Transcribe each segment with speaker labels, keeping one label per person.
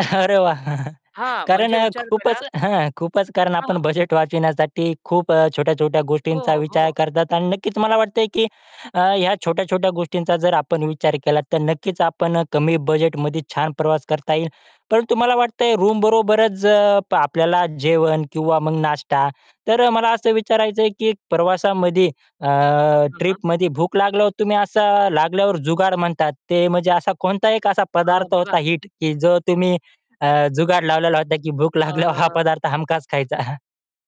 Speaker 1: अरे वाह!
Speaker 2: हां,
Speaker 1: कारण
Speaker 2: म्हणजे
Speaker 1: अ,
Speaker 2: विचार
Speaker 1: खूपच
Speaker 2: करा
Speaker 1: हं खूपच कारण आपण
Speaker 2: हां.
Speaker 1: बजेट वाचविण्यासाठी खूप अ, छोट्या-छोट्या
Speaker 2: हो,
Speaker 1: गोष्टींचा विचार
Speaker 2: हो.
Speaker 1: करतात. आणि नक्कीच मला वाटतंय की अ, ह्या छोट्या-छोट्या गोष्टींचा जर आपण विचार केला, तर नक्कीच आपण कमी बजेटमध्ये छान प्रवास करता येईल. परंतु मला वाटतंय, रूमबरोबरच अ, आपल्याला जेवण किंवा मग नाश्ता, तर मला असं विचारायचंय की प्रवासामध्ये अ,
Speaker 2: हं, हां.
Speaker 1: ट्रिपमध्ये भूक लागल्यावर तुम्ही असं, लागल्यावर जुगाड म्हणतात ते, म्हणजे असा कोणता एक असा
Speaker 2: अ,
Speaker 1: पदार्थ
Speaker 2: बघा
Speaker 1: होता हिट, की जो तुम्ही अ, जुगाड लावलेला होता, की भूक लागल्यावर हा
Speaker 2: अ
Speaker 1: पदार्थ हमखास खायचा.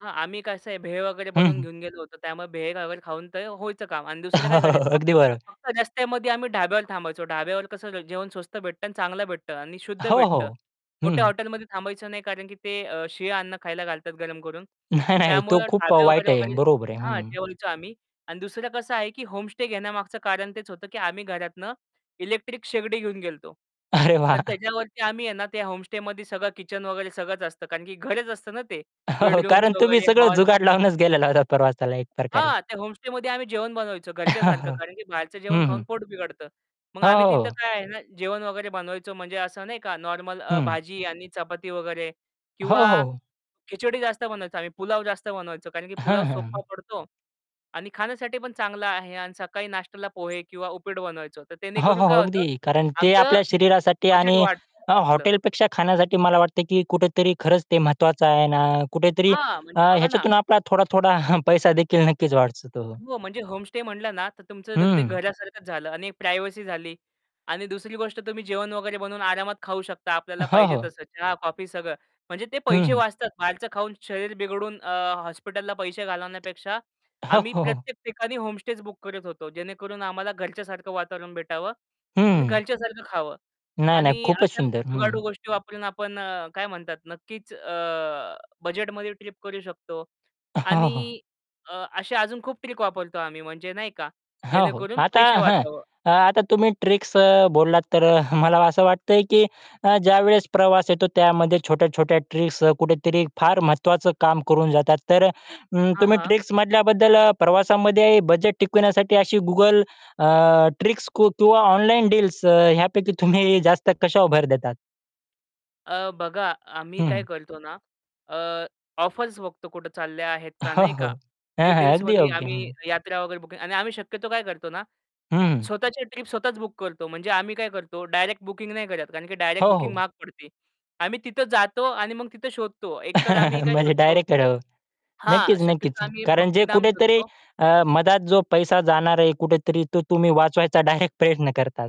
Speaker 2: हां, आम्ही कसं आहे, भेळ वगैरे
Speaker 1: हं,
Speaker 2: बनवून
Speaker 1: हं.
Speaker 2: घेऊन गेलो होतो. त्यामुळे भेळ वगैरे खाऊन ते व्हायचं काम. आणि दुसरं
Speaker 1: हो,
Speaker 2: काय करायचं,
Speaker 1: अगदी बरो
Speaker 2: फक्त रस्त्यामध्ये आम्ही ढाब्यावर थांबायचो. ढाब्यावर कसं जेवण स्वस्त भेटतं आणि चांगलं भेटतं आणि शुद्ध
Speaker 1: हो,
Speaker 2: भेटतं.
Speaker 1: हो.
Speaker 2: मोठ्या
Speaker 1: हं.
Speaker 2: हॉटेलमध्ये थांबायचं नाही, कारण की ते अ, शीळ अन्न खायला घालतात, गरम करून.
Speaker 1: नाही, नाही तो
Speaker 2: त्यामुळं
Speaker 1: खूप अ,
Speaker 2: ढाबे
Speaker 1: वाईट
Speaker 2: वगैरे
Speaker 1: आहे,
Speaker 2: वगैरे
Speaker 1: बरोबर आहे.
Speaker 2: हां,
Speaker 1: हं.
Speaker 2: जेवायचो आम्ही. आणि दुसरं कसं आहे, की होमस्टे घेण्यामागचं कारण तेच होतं, की आम्ही घरातून इलेक्ट्रिक शेगडी घेऊन गेलतो.
Speaker 1: अरे वाह!
Speaker 2: तर त्याच्यावरती आम्ही आहे ना, ते होमस्टेमध्ये सगळं किचन वगैरे सगळंच असतं, कारण की घरच असतं ना ते.
Speaker 1: हो
Speaker 2: बेडरूम्स
Speaker 1: कारण तुम्ही
Speaker 2: वगैरे,
Speaker 1: सगळं
Speaker 2: हॉल
Speaker 1: जुगाड लावूनच गेलेला होता प्रवासाला एक प्रकारे.
Speaker 2: हां, ते होमस्टेमध्ये आम्ही जेवण बनवायचं घरच्यासारखं, कारण की बाहेरचं जेवण
Speaker 1: हं,
Speaker 2: खाऊन
Speaker 1: हं.
Speaker 2: पोट बिघडतं. मग आम्ही
Speaker 1: हो.
Speaker 2: तिथं काय आहे ना, जेवण वगैरे बनवायचो. म्हणजे असं नाही का, नॉर्मल अ,
Speaker 1: हं.
Speaker 2: भाजी आणि चपाती वगैरे,
Speaker 1: हो,
Speaker 2: किंवा
Speaker 1: हो.
Speaker 2: खिचडी जास्त बनवायचो आम्ही. पुलाव जास्त बनवायचो, कारण की
Speaker 1: हं,
Speaker 2: पुलाव
Speaker 1: हं, हं.
Speaker 2: सोप्पा पडतो आणि खाण्यासाठी पण चांगला आहे. आणि सकाळी नाश्त्याला पोहे किंवा उपीट बनवायचो. तर
Speaker 1: हो,
Speaker 2: त्यामुळे
Speaker 1: हो,
Speaker 2: काय होतं,
Speaker 1: अगदी. कारण ते
Speaker 2: आमचं
Speaker 1: आपल्या शरीरासाठी
Speaker 2: बजेट
Speaker 1: आणि
Speaker 2: वाट
Speaker 1: अ,
Speaker 2: वाचलं. सोप्पा पडतो
Speaker 1: हॉटेलपेक्षा खाण्यासाठी मला वाटतं की कुठेतरी खरंच ते महत्वाचं आहे ना. कुठेतरी
Speaker 2: हां,
Speaker 1: अ,
Speaker 2: म्हणजे बघा ना
Speaker 1: ह्याच्यातून आपला थोडा-थोडा पैसा देखील नक्कीच वाचतो.
Speaker 2: हो, म्हणजे होमस्टे म्हटलं ना, तर तुमचं दग ते
Speaker 1: हं.
Speaker 2: घरासारखंच झालं आणि प्रायव्हसी झाली. आणि दुसरी गोष्ट, तुम्ही जेवण वगैरे बनवून आरामात खाऊ शकता.
Speaker 1: अ,
Speaker 2: आपल्याला
Speaker 1: हो,
Speaker 2: पाहिजे
Speaker 1: हो.
Speaker 2: तसं चहा, कॉफी, सगळं. म्हणजे ते
Speaker 1: हं,
Speaker 2: पैसे
Speaker 1: हं.
Speaker 2: वाचतात. बाहेरचं खाऊन शरीर बिघडून अ, हॉस्पिटलला पैसे घालवण्यापेक्षा
Speaker 1: हो,
Speaker 2: आम्ही
Speaker 1: हो, हो.
Speaker 2: प्रत्येक ठिकाणी होमस्टेच बुक करत होतो, जेणेकरून आम्हाला घरच्यासारखं वातावरण भेटावं आणि
Speaker 1: हं.
Speaker 2: घरच्यासारखं खावं.
Speaker 1: नाही, नाही
Speaker 2: आणि
Speaker 1: खूपच
Speaker 2: अशा
Speaker 1: सुंदर. हं.
Speaker 2: जुगाडू गोष्टी वापरून आपण अ, काय म्हणतात, नक्कीच अ, बजेटमध्ये ट्रिप करू शकतो.
Speaker 1: हो, हो.
Speaker 2: आणि अ, अशा अजून खूप ट्रिक वापरतो आम्ही, म्हणजे नाही का,
Speaker 1: हो, हो.
Speaker 2: जेणेकरून
Speaker 1: आता
Speaker 2: पैसे
Speaker 1: हं,
Speaker 2: वाचावं.
Speaker 1: आता तुम्ही ट्रिक्स अ, बोललात, तर मला असं वाटतंय की अ, ज्यावेळेस प्रवास येतो, त्यामध्ये छोट्या-छोट्या ट्रिक्स कुठेतरी फार महत्त्वाचं काम करून जातात. तर अ,
Speaker 2: हां,
Speaker 1: तुम्ही
Speaker 2: हां.
Speaker 1: ट्रिक्समधल्या बद्दल प्रवासामध्ये बजेट टिकविण्यासाठी अशी Google अ, मधल्या किंवा ऑनलाईन डील्स अ, ह्यापैकी तुम्ही जास्त कशावर भर देतात?
Speaker 2: अ, बघा, आम्ही
Speaker 1: हं,
Speaker 2: काय
Speaker 1: हं.
Speaker 2: करतो ना, अ, ऑफर्स बघतो, कुठे चालल्या आहेत का
Speaker 1: हो,
Speaker 2: नाही
Speaker 1: हो.
Speaker 2: का.
Speaker 1: हां,
Speaker 2: ते
Speaker 1: हां, अगदी
Speaker 2: डील्समध्ये
Speaker 1: योग्य
Speaker 2: आम्ही
Speaker 1: हं.
Speaker 2: यात्रा वगैरे बुकिंग आणि आम्ही शक्यतो काय करतो ना, अ,
Speaker 1: हं.
Speaker 2: स्वतःच्या ट्रिप स्वतःच बुक करतो. म्हणजे आम्ही काय करतो, डायरेक्ट बुकिंग नाही करत, कारण की
Speaker 1: हो,
Speaker 2: डायरेक्ट बुकिंग
Speaker 1: हो.
Speaker 2: महाग पडते. आम्ही तिथे जातो आणि मग तिथं शोधतो. एकतर आम्ही काय
Speaker 1: म्हणजे
Speaker 2: शोधतो
Speaker 1: डायरेक्ट करावं.
Speaker 2: हां,
Speaker 1: नक्कीच, नक्कीच.
Speaker 2: शक्यतो आम्ही
Speaker 1: कारण जे
Speaker 2: भक्तिधाम
Speaker 1: कुठेतरी
Speaker 2: शोधतो.
Speaker 1: अ, मधात जो पैसा जाणार आहे, कुठेतरी तो तुम्ही वाचवायचा डायरेक्ट प्रयत्न करतात.